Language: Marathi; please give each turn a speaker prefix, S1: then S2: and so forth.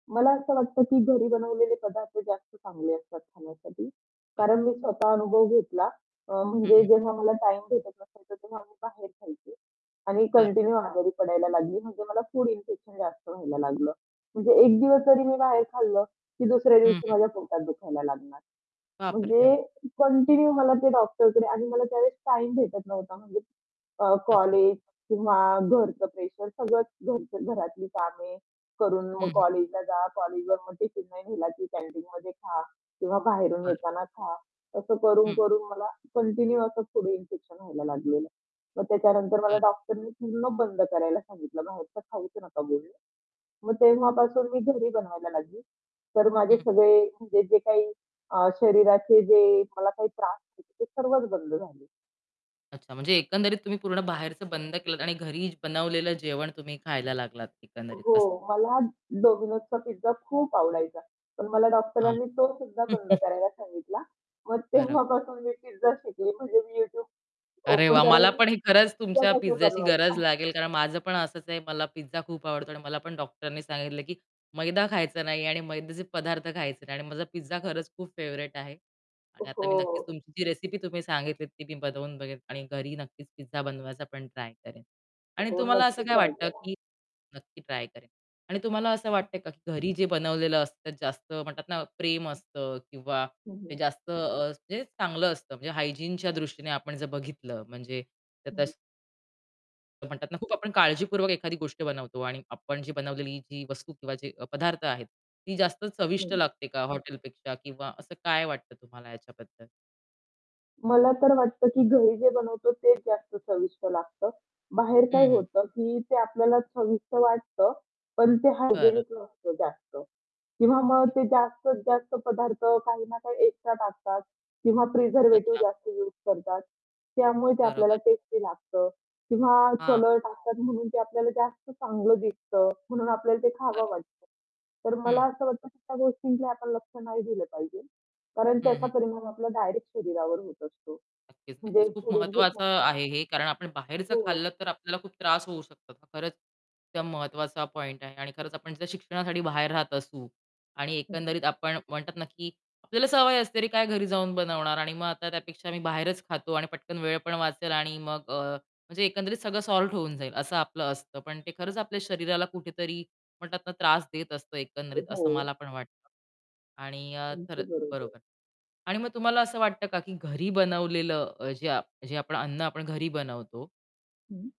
S1: मला असं वाटतं, की घरी बनवलेले पदार्थ जास्त चांगले असतात खाण्यासाठी
S2: बरं.
S1: कारण मी स्वतः अनुभव घेतला अ,
S2: हं,
S1: म्हणजे
S2: हं.
S1: जेव्हा मला टाईम भेटत नसायचा तेव्हा मी बाहेर खायची आणि
S2: बरो
S1: कंटिन्यू आजारी पडायला लागली म्हणजे मला फूड इन्फेक्शन जास्त व्हायला लागलं. म्हणजे एक दिवस जरी मी बाहेर खाल्लं की दुसऱ्या
S2: हं,
S1: दिवशी
S2: हं.
S1: माझ्या पोटात दुखायला लागणार.
S2: बापरे!
S1: म्हणजे
S2: हं.
S1: कंटिन्यू मला ते डॉक्टरकडे आणि मला त्यावेळेस टाईम भेटत नव्हता म्हणजे अ,
S2: अच्छा.
S1: कॉलेज किंवा घरचं प्रेशर सगळंच घराच घरातली कामे करून मग
S2: हं, हं.
S1: कॉलेजला जा. कॉलेजला मग टिफिन नाही नेला की कॅन्टीनमध्ये खा किंवा बाहेरून
S2: बरं.
S1: येताना खा. असं
S2: हं.
S1: करून-करून मला कंटिन्यू असं पुढे इन्फेक्शन व्हायला लागलेलं आहे. मग त्याच्यानंतर मला
S2: बरं.
S1: डॉक्टरने पूर्ण बंद करायला सांगितलं बाहेरचं खाऊच नका बोलले. मग तेव्हापासून मी घरी बनवायला लागली तर माझे
S2: हं.
S1: सगळे म्हणजे जे काही अ, शरीराचे जे मला काही त्रास होते ते सर्वच बंद झाले.
S2: अच्छा, म्हणजे एकंदरीत तुम्ही पूर्ण बाहेरचं बंद केलात आणि घरी बनवलेलं जेवण तुम्ही खायला लागलात एकंदरीत
S1: हो,
S2: असं.
S1: मला Domino'sचा पिझ्झा खूप आवडायचा. पण मला
S2: हां.
S1: डॉक्टरांनी तो सुद्धा बंद करायला सांगितला. मग
S2: बरो
S1: तेव्हापासून मी पिझ्झा शिकली म्हणजे मी YouTube
S2: अरे
S1: ओपन
S2: वाह! मला
S1: करायची
S2: पण हे खरंच तुमच्या
S1: त्याच्यासारखं
S2: पिझ्झाची गरज
S1: बनवायचं.
S2: लागेल. कारण माझं पण असंच आहे, मला पिझ्झा खूप आवडतो आणि मला पण डॉक्टरनी सांगितलं की "मैदा खायचा नाही आणि मैद्याचे पदार्थ खायचे नाही." आणि माझा पिझ्झा खरंच खूप फेवरेट आहे आणि आता मी नक्कीच
S1: हो.
S2: तुमची जी रेसिपी तुम्ही सांगितली ती मी बनवून बघेल आणि घरी नक्कीच पिझ्झा बनवायचा पण ट्राय करेन आणि
S1: हो,
S2: तुम्हाला असं
S1: नक्कीच
S2: काय
S1: ट्राय
S2: वाटतं
S1: करा.
S2: की नक्की ट्राय करेल आणि तुम्हाला असं वाटतंय का, की घरी जे बनवलेलं असतं ते जास्त म्हणतात ना प्रेम असतं किंवा
S1: हं, हं.
S2: ते जास्त अ, म्हणजे चांगलं असतं. म्हणजे हायजीनच्या दृष्टीने आपण जर बघितलं म्हणजे त्या
S1: हं, हं.
S2: तस म्हणतात ना खूप आपण काळजीपूर्वक एखादी गोष्ट बनवतो आणि आपण जी बनवलेली जी वस्तू किंवा जे पदार्थ आहेत ती जास्त चविष्ट
S1: हं.
S2: लागते का हॉटेल पेक्षा किंवा असं काय वाटतं तुम्हाला याच्याबद्दल?
S1: मला तर वाटतं की घरी जे बनवतो तेच जास्त चविष्ट लागतं. बाहेर काय
S2: हं, हं.
S1: होतं की ते आपल्याला चविष्ट वाटतं पण ते
S2: बरं.
S1: हायजिनिक नसतं जास्त किंवा मग ते
S2: नक्कीच.
S1: जास्तीत जास्त पदार्थ काही ना काही एक्स्ट्रा टाकतात किंवा प्रिझर्व्हेटिव्ह
S2: अच्छा.
S1: जास्त यूज करतात. त्यामुळे ते आपल्याला
S2: बरोबर.
S1: टेस्टी लागतं किंवा
S2: हां.
S1: कलर टाकतात म्हणून ते आपल्याला जास्त चांगलं दिसतं म्हणून आपल्याला ते खावं
S2: बरं.
S1: वाटतं. तर मला
S2: हं.
S1: असं वाटतं की त्या गोष्टीला आपण लक्ष नाही दिलं पाहिजे. कारण
S2: हं,
S1: त्याचा
S2: हं.
S1: परिणाम आपला डायरेक्ट शरीरावर होत असतो.
S2: नक्कीच,
S1: म्हणजे
S2: नक्कीच. खूप
S1: पुढील
S2: महत्वाचं
S1: [unintelligible]
S2: आहे हे कारण आपण बाहेरचं
S1: हो.
S2: खाल्लं तर आपल्याला खूप त्रास होऊ शकतो. तर खरंच त्या महत्त्वाचा पॉइंट आहे आणि खरंच आपण जर शिक्षणासाठी बाहेर राहत असू आणि
S1: हं.
S2: एकंदरीत आपण म्हणतात ना, की आपल्याला सवय असते अरे काय घरी जाऊन बनवणार आणि मग आता त्यापेक्षा मीही बाहेरच खातो आणि पटकन वेळ पण वाचेल आणि मग अ, म्हणजे एकंदरीत सगळं सॉल्व्ह होऊन जाईल, असं आपलं असतं. पण ते खरंच आपल्या शरीराला कुठेतरी म्हणतात ना त्रास देत असतं एकंदरीत असं मला
S1: हो.
S2: पण वाटतं आणि अ,
S1: अगदी
S2: खरंच,
S1: बरोबर.
S2: बरोबर. आणि मग तुम्हाला असं वाटतं का की घरी बनवलेलं अ, जे आप जे आपण अन्न आपण घरी बनवतो
S1: हं.